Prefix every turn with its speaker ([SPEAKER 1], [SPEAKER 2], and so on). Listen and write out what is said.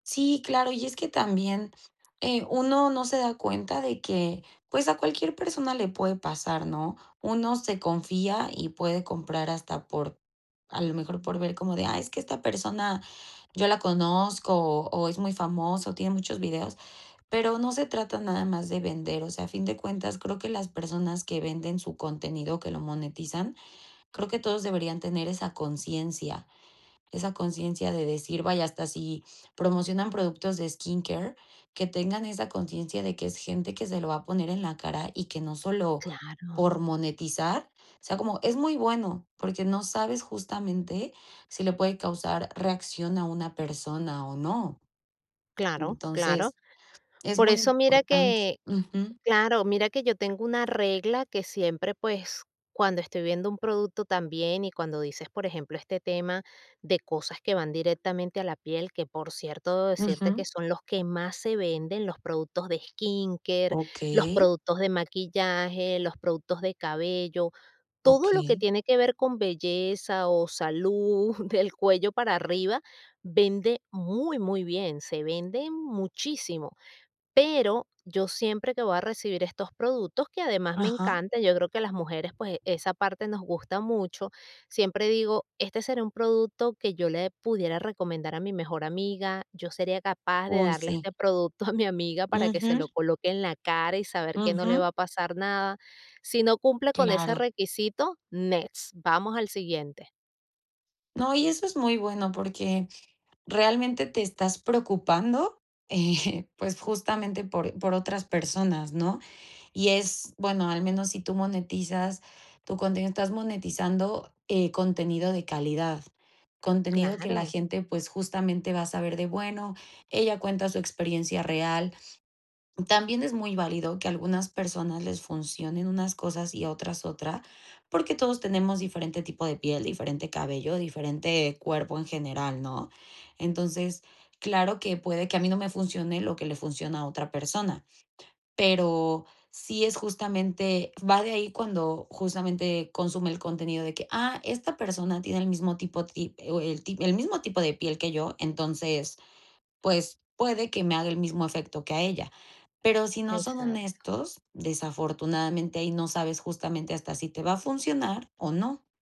[SPEAKER 1] Sí, claro, y es que también, eh, uno no se da cuenta de que, pues, a cualquier persona le puede pasar, ¿no? Uno se confía y puede comprar hasta por a lo mejor, por ver como de: "Ah, es que esta persona yo la conozco, o o es muy famoso, tiene muchos videos". Pero no se trata nada más de vender. O sea, a fin de cuentas, creo que las personas que venden su contenido, que lo monetizan, creo que todos deberían tener esa conciencia, esa conciencia de decir vaya, hasta si promocionan productos de skincare, que tengan esa conciencia de que es gente que se lo va a poner en la cara y que no solo
[SPEAKER 2] Claro.
[SPEAKER 1] por monetizar. O sea, como es muy bueno, porque no sabes, justamente, si le puede causar reacción a una persona o no.
[SPEAKER 2] Claro, claro.
[SPEAKER 1] Entonces, es
[SPEAKER 2] Por
[SPEAKER 1] muy
[SPEAKER 2] eso mira
[SPEAKER 1] importante
[SPEAKER 2] que
[SPEAKER 1] ujú.
[SPEAKER 2] claro. Mira que yo tengo una regla que siempre, pues, cuando estoy viendo un producto también, y cuando dices, por ejemplo, este tema de cosas que van directamente a la piel, que por cierto, decirte que
[SPEAKER 1] Ujú.
[SPEAKER 2] son los que más se venden, los productos de skincare, los
[SPEAKER 1] Okey.
[SPEAKER 2] productos de maquillaje, los productos de cabello, todo lo que
[SPEAKER 1] Okey.
[SPEAKER 2] tiene que ver con belleza o salud, del cuello para arriba, vende muy, muy bien, se vende muchísimo. Pero yo siempre que voy a recibir estos productos, que además me
[SPEAKER 1] Ajá.
[SPEAKER 2] encanta, yo creo que a las mujeres, pues, esa parte nos gusta mucho, siempre digo: "¿Este será un producto que yo le pudiera recomendar a mi mejor amiga? ¿Yo sería capaz de
[SPEAKER 1] Uy,
[SPEAKER 2] darle
[SPEAKER 1] sí.
[SPEAKER 2] este producto a mi amiga para que se lo
[SPEAKER 1] Ujú.
[SPEAKER 2] coloque en la cara y saber que no le va a
[SPEAKER 1] Ujú.
[SPEAKER 2] pasar nada?". Si no cumple con ese
[SPEAKER 1] Claro.
[SPEAKER 2] requisito, next, vamos al siguiente.
[SPEAKER 1] No, y eso es muy bueno, porque realmente te estás preocupando, eh, pues, justamente por por otras personas, ¿no? Y es bueno, al menos si tú monetizas tu contenido, estás monetizando, eh, contenido de calidad, contenido que la
[SPEAKER 2] Claro.
[SPEAKER 1] gente, pues, justamente, va a saber de: "Bueno, ella cuenta su experiencia real". También es muy válido que a algunas personas les funcionen unas cosas y a otras otra, porque todos tenemos diferente tipo de piel, diferente cabello, diferente cuerpo en general, ¿no? Entonces, claro que puede que a mí no me funcione lo que le funciona a otra persona, pero sí es, justamente va de ahí cuando, justamente, consume el contenido de que: "Ah, esta persona tiene el mismo tipo ti eh, o el ti el mismo tipo de piel que yo, entonces, pues, puede que me haga el mismo efecto que a ella. Pero si no son
[SPEAKER 2] Exacto.
[SPEAKER 1] honestos, desafortunadamente, ahí no sabes, justamente, hasta si te va a funcionar o no.